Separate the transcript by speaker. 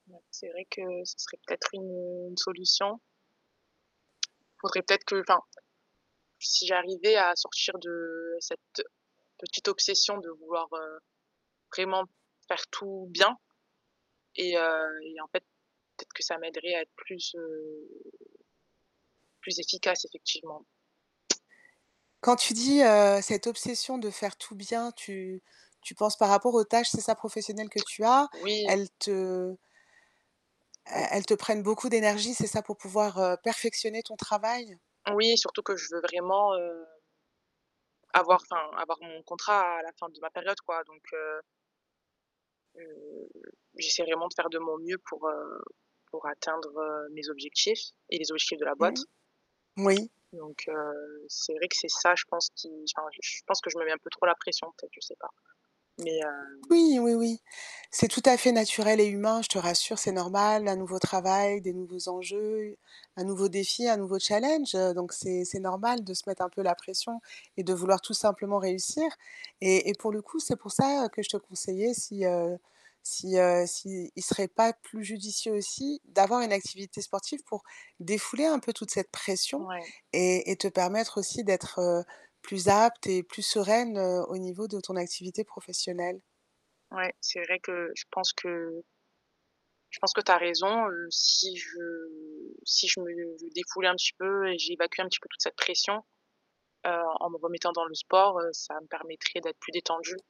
Speaker 1: Ouais, c'est vrai que ce serait peut-être une solution. Faudrait peut-être que enfin, si j'arrivais à sortir de cette petite obsession de vouloir, heu, vraiment faire tout bien et heu, et en fait, peut-être que ça m'aiderait à être plus, heu plus efficace, effectivement.
Speaker 2: Quand tu dis, heu, cette obsession de faire tout bien, tu tu penses par rapport aux tâches, c'est ça, professionnelles que tu as?
Speaker 1: Oui.
Speaker 2: Elles te
Speaker 1: Mmh.
Speaker 2: el elles te prennent beaucoup d'énergie, c'est ça, pour pouvoir, heu, perfectionner ton travail?
Speaker 1: Oui, surtout que je veux vraiment, heu avoir enfin, avoir mon contrat à à la fin de ma période, quoi. Donc heu heu, j'essaie vraiment de faire de mon mieux pour, heu, pour atteindre, heu, mes objectifs et les objectifs de la boîte.
Speaker 2: Mmh. Oui.
Speaker 1: Donc heu, c'est vrai que c'est ça, je pense, qui enfin, je pense que je mets un peu trop la pression, peut-être, je sais pas. Mais hem
Speaker 2: Oui, oui, oui. C'est tout à fait naturel et humain, je te rassure. C'est normal. Un nouveau travail, des nouveaux enjeux, un nouveau défi, un nouveau challenge, heu donc c'est c'est normal de se mettre un peu la pression et de vouloir tout simplement réussir. Et et pour le coup, c'est pour ça, heu, que je te conseillais si, heu si, heu, s'il serait pas plus judicieux aussi d'avoir une activité sportive pour défouler un peu toute cette pression
Speaker 1: Ouais.
Speaker 2: et et te permettre aussi d'être, heu, plus apte et plus sereine, heu, au niveau de ton activité professionnelle.
Speaker 1: Ouais, c'est vrai que je pense que je pense que tu as raison, heu, si je si je me défoulais un petit peu et j'évacuais un petit peu toute cette pression, heu, en me remettant dans le sport, heu, ça me permettrait d'être plus détendue.